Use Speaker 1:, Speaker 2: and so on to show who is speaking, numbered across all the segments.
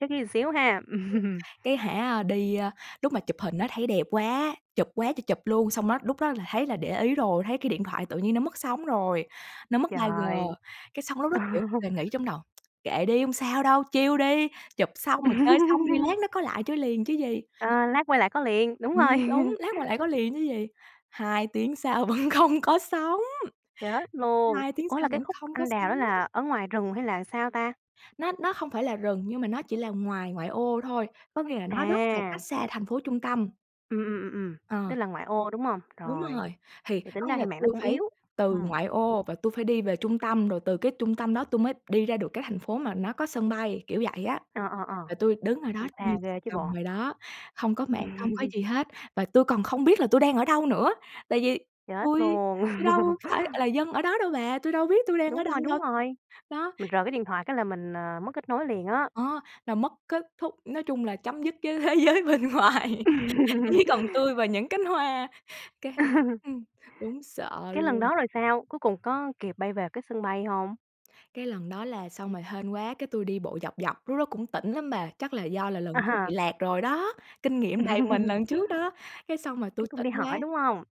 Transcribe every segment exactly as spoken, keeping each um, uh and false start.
Speaker 1: Chắc ghi xíu ha.
Speaker 2: Cái hả đi, a, lúc mà chụp hình á thấy đẹp quá, chụp quá trời chụp luôn. Xong đó lúc đó là thấy là để ý rồi, thấy cái điện thoại tự nhiên nó mất sóng rồi, nó mất 3G.
Speaker 1: Trời.
Speaker 2: Cái xong lúc đó, kiểu, nghĩ trong đầu "Kệ đi hông sao đâu, chill đi, chụp xong, rồi chơi xong đi lát nó có lại chơi liền chứ gì."
Speaker 1: Ờ, lát quay lại có liền, đúng
Speaker 2: Ừm,
Speaker 1: rồi.
Speaker 2: đúng, lát quay lại có liền chứ gì? hai tiếng sau vẫn không có sóng,
Speaker 1: Chết luôn.
Speaker 2: hai tiếng
Speaker 1: Ủa, là
Speaker 2: sau
Speaker 1: cái
Speaker 2: vẫn
Speaker 1: khúc
Speaker 2: không có
Speaker 1: anh đào đó
Speaker 2: sóng.
Speaker 1: là ở ngoài rừng, hay là sao ta?
Speaker 2: Nó nó không phải là rừng nhưng mà nó chỉ là ngoài ngoại ô thôi, có nghĩa là nó rất là cách
Speaker 1: À.
Speaker 2: xa thành phố trung tâm.
Speaker 1: Ừm, ừm, ừm, ừm,
Speaker 2: Ờ.
Speaker 1: tức là ngoại ô, đúng hông?
Speaker 2: Đúng
Speaker 1: Rồi,
Speaker 2: rồi, thì
Speaker 1: thì tính
Speaker 2: có nghĩa
Speaker 1: ra thì
Speaker 2: là
Speaker 1: mạng nó
Speaker 2: tui
Speaker 1: cũng
Speaker 2: phải
Speaker 1: yếu,
Speaker 2: từ
Speaker 1: ừm.
Speaker 2: ngoại ô và tui phải đi về trung tâm, rồi từ cái trung tâm đó tui mới đi ra được cái thành phố mà nó có sân bay, kiểu vậy á.
Speaker 1: Ờ, ờ, ờ,
Speaker 2: Và tui đứng ở đó
Speaker 1: cũng
Speaker 2: như
Speaker 1: xa
Speaker 2: trời
Speaker 1: ghê chứ
Speaker 2: trồng
Speaker 1: bộ.
Speaker 2: vậy đó, không có mạng, không có gì hết và tui còn không biết là tui đang ở đâu nữa. Tại vì
Speaker 1: Chết
Speaker 2: tui
Speaker 1: luôn.
Speaker 2: tui đâu phải là dân ở đó đâu bà, tui đâu biết tui đang ở
Speaker 1: Đúng
Speaker 2: đâu
Speaker 1: rồi, đúng
Speaker 2: đâu,
Speaker 1: rồi.
Speaker 2: đó.
Speaker 1: Mình rời cái điện thoại cái là mình, à, mất kết nối liền á.
Speaker 2: Đó, là mất kết thúc, nói chung là, chấm dứt với thế giới bên ngoài, chỉ còn tui và những cánh hoa, cái ừm, đúng sợ
Speaker 1: Cái lần
Speaker 2: luôn.
Speaker 1: đó rồi sao, cuối cùng có kịp bay về cái sân bay hông?
Speaker 2: Cái lần đó là xong rồi hên quá cái tui đi bộ dọc dọc, lúc đó cũng tỉnh lắm bà, chắc là do là
Speaker 1: À
Speaker 2: lần trước bị
Speaker 1: ha.
Speaker 2: lạc rồi đó, kinh nghiệm đầy mình lần trước đó. Cái xong rồi tui
Speaker 1: Cái cũng
Speaker 2: tỉnh
Speaker 1: đi
Speaker 2: quá
Speaker 1: hỏi, đúng hông?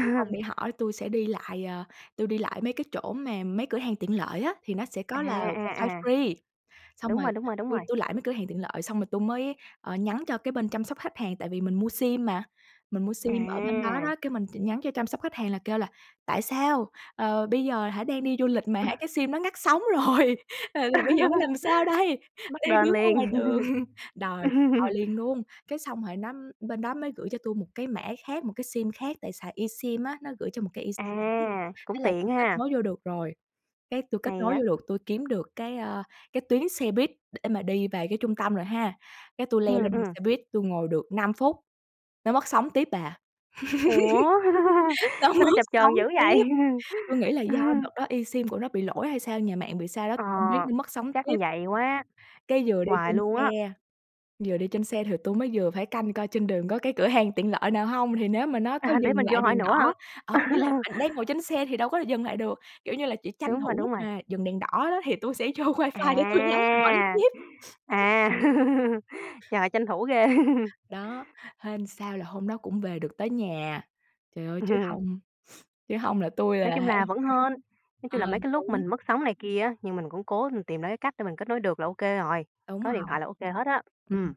Speaker 2: tui hông đi hỏi tui sẽ đi lại, ờ, tui đi lại mấy cái chỗ mà mấy cửa hàng tiện lợi á thì nó sẽ
Speaker 1: À,
Speaker 2: có là
Speaker 1: à,
Speaker 2: wifi
Speaker 1: à.
Speaker 2: free. Xong
Speaker 1: Đúng
Speaker 2: rồi,
Speaker 1: rồi, đúng rồi, đúng
Speaker 2: tui
Speaker 1: rồi.
Speaker 2: tui lại mấy cửa hàng tiện lợi, xong rồi tui mới, ờ, nhắn cho cái bên chăm sóc khách hàng tại vì mình mua sim mà, mình mua sim ở bên đó đó.
Speaker 1: À.
Speaker 2: Cái mình chỉ nhắn cho chăm sóc khách hàng là kêu là "Tại sao, ờ, bây giờ hả đang đi du lịch mà
Speaker 1: Ừ.
Speaker 2: hả cái sim đó ngắt sóng rồi, ờ, là giờ bây giờ phải làm sao đây?
Speaker 1: Bắt
Speaker 2: Đang
Speaker 1: đền
Speaker 2: đứng ở ngoài
Speaker 1: liền.
Speaker 2: đường." Đòi đòi liền luôn! Cái xong rồi nó bên đó mới gửi cho tui một cái mã khác, một cái sim khác tại xài eSIM á nó gửi cho một cái eSIM khác.
Speaker 1: À, cũng
Speaker 2: Thế là
Speaker 1: tiện
Speaker 2: tui kết
Speaker 1: ha.
Speaker 2: nối vô được rồi, cái tui kết
Speaker 1: Hay
Speaker 2: nối vô
Speaker 1: á!
Speaker 2: được, tui kiếm được cái, ơ, cái tuyến xe buýt để mà đi về cái trung tâm rồi ha. Cái tui leo
Speaker 1: Ừm,
Speaker 2: lên
Speaker 1: ừm.
Speaker 2: xe buýt tui ngồi được năm phút, nó mất sóng tiếp bà.
Speaker 1: Ủa,
Speaker 2: Nó
Speaker 1: sao nó
Speaker 2: mất
Speaker 1: chập
Speaker 2: sóng
Speaker 1: chờn dữ
Speaker 2: tiếp.
Speaker 1: vậy?
Speaker 2: Tui nghĩ là do đợt đó eSIM của nó bị lỗi hay sao? Nhà mạng bị sao đó?
Speaker 1: Ờ,
Speaker 2: Tui hông biết nó mất sóng
Speaker 1: chắc
Speaker 2: tiếp.
Speaker 1: vậy quá.
Speaker 2: Cái vừa đi
Speaker 1: Hoài
Speaker 2: trên
Speaker 1: luôn á.
Speaker 2: xe, vừa đi trên xe thì tui mới vừa phải canh coi trên đường có cái cửa hàng tiện lợi nào hông? Thì nếu mà nó có
Speaker 1: À, để
Speaker 2: dừng
Speaker 1: mình vô
Speaker 2: lại
Speaker 1: hỏi
Speaker 2: đèn
Speaker 1: nữa hả?
Speaker 2: đỏ, ờ, ý là bạn đang ngồi trên xe thì đâu có dừng lại được. Kiểu, như là chỉ tranh
Speaker 1: Đúng rồi,
Speaker 2: thủ
Speaker 1: đúng
Speaker 2: lúc
Speaker 1: rồi.
Speaker 2: mà dừng đèn đỏ đó thì tui sẽ vô wifi để tui nhắn hỏi
Speaker 1: À.
Speaker 2: tiếp.
Speaker 1: À, trời tranh thủ ghê!
Speaker 2: Đó, hên sao là hôm đó cũng về được tới nhà, trời ơi chứ hông chứ hông là tui
Speaker 1: Nói
Speaker 2: là hả
Speaker 1: chung là vẫn hên, nói
Speaker 2: ờ,
Speaker 1: chung là, mấy cái lúc
Speaker 2: đúng.
Speaker 1: mình mất sóng này kia á, nhưng mình cũng cố mình tìm ra cái cách để mình kết nối được là ô kê rồi.
Speaker 2: Đúng
Speaker 1: Có điện
Speaker 2: rồi.
Speaker 1: thoại là ô kê hết á.
Speaker 2: Ừm
Speaker 1: Ừm.